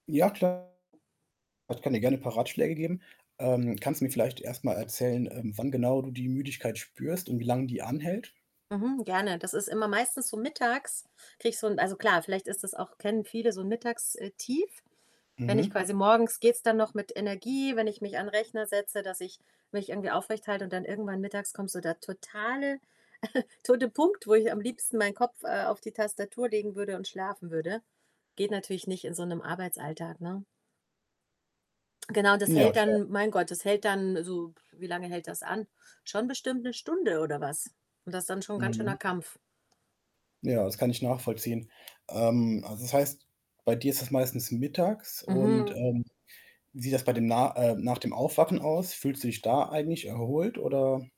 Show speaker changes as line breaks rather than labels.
Ja klar, [unintelligible] kann dir gerne paar Ratschläge geben. Ähm, kannst du mir vielleicht erst mal erzählen, ähm, wann genau du die Müdigkeit spürst und wie lange die anhält?
Mhm, gerne. Das ist immer meistens so mittags kriege ich so 'n also klar, vielleicht ist das auch kennen viele so 'n Mittags äh, Tief. Wenn ich
Mhm.
quasi morgens geht's dann noch mit Energie, wenn ich mich an Rechner setze, dass ich mich irgendwie aufrechthalte und dann irgendwann mittags kommt so der totale tote Punkt, wo ich am liebsten meinen Kopf, äh, auf die Tastatur legen würde und schlafen würde. Geht natürlich nicht in so 'nem Arbeitsalltag, ne? Genau, und das
Ja
hält
klar.
dann mein Gott, das hält dann so wie lange hält das an? Schon bestimmt 1 Stunde oder was und das ist dann schon 'n ganz schöner
Mhm.
Kampf.
Ja, das kann ich nachvollziehen. Ähm, also das heißt, bei dir ist das meistens mittags und,
Mhm.
ähm, wie sieht das bei dem na äh, nach dem Aufwachen aus? Fühlst du dich da eigentlich erholt oder?